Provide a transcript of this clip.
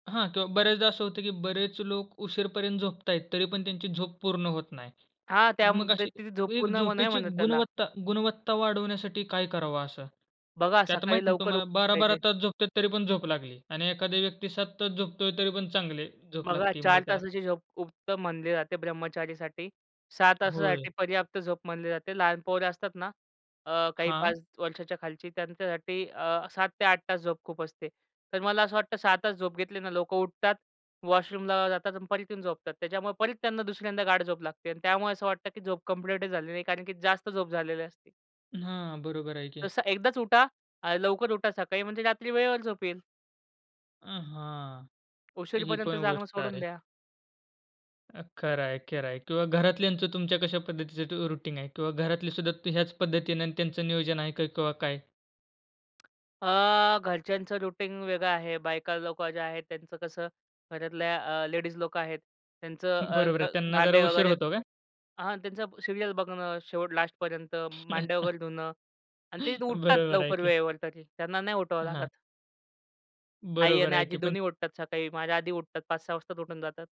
हां, किंवा बरेचदा असं होतं की बरेच लोक उशीरपर्यंत झोपत आहेत. तरीपण त्यांची झोप पूर्ण होत नाही. हां, त्या मग अशी व्यक्तीची झोप एक पूर्ण मग नाही झोपेची म्हणत त्याला. गुणवत्ता गुणवत्ता वाढवण्यासाठी काय करावं असं? बघा की आता सकाळी माहिती ना लवकर तुम्हाला, उठलं 12-12 पाहिजे. तास झोपत आहेत. तरीपण झोप लागली आणि एखाद्या व्यक्ती 7 तास झोपतोय तरीपण चांगली झोप बघा, लागती 4 म्हणजे त्याला? तासाची झोप उत्तम मानली जाते ब्रह्मचारीसाठी. 6 होय. तासासाठी पर्याप्त झोप म्हणली जाते. लहान पोरं असतात ना, अ, काही हां. 5 वर्षांच्या खालची, त्यांच्यासाठी अ, 7 ते 8 तास झोप खूप असते. तर मला असं वाटतं, 6 तास झोप घेतली ना, लोकं उठतात, वॉशरूमला जातात आणि परत येऊन झोपतात. त्याच्यामुळे परत त्यांना दुसऱ्यांदा गाढ झोप लागते अन् त्यामुळे असं वाटतं की झोप कम्प्लीट झाली नाही कारण की जास्त झोप झालेली असते. हां, बरोबर आहे की. तसं एकदाच उठा अ, लवकर उठा सकाळी म्हणजे रात्री वेळेवर झोप येईल. अ, हां, ही उशिरपर्यंत पण जागणं गोष्ट सोडून आहे. द्या. अ, खरं आहे, खरं आहे किंवा घरातल्यांचं तुमच्या कशा पद्धतीचं ते अ, रुटीन आहे किंवा घरातलीसुद्धा ह्याच पद्धतीने त्यांचं नियोजन आहे का किंवा काय? अ, घरच्यांचं रूटीन वेगळं आहे. बायका लोकं ज्या आहेत, त्यांचं कसं, घरातल्या अ, लेडीज लोकं आहेत त्यांचं अ, बरोबर आहे त्यांना जरा भांडे उशीर वगैरे होतो का? हां, त्यांचा सीरियल बघणं, शेवट लास्टपर्यंत भांड्या वगैरे धुणं आणि ते उठतात बरोबर आहे लवकर की. वेळेवर तरी त्यांना नाही उठवावं हां. लागत. आई बरोबर आणि आहे आजी की पण दोन्ही उठतात सकाळी. माझ्या आधी उठतात 5-6 वाजता उठून जातात.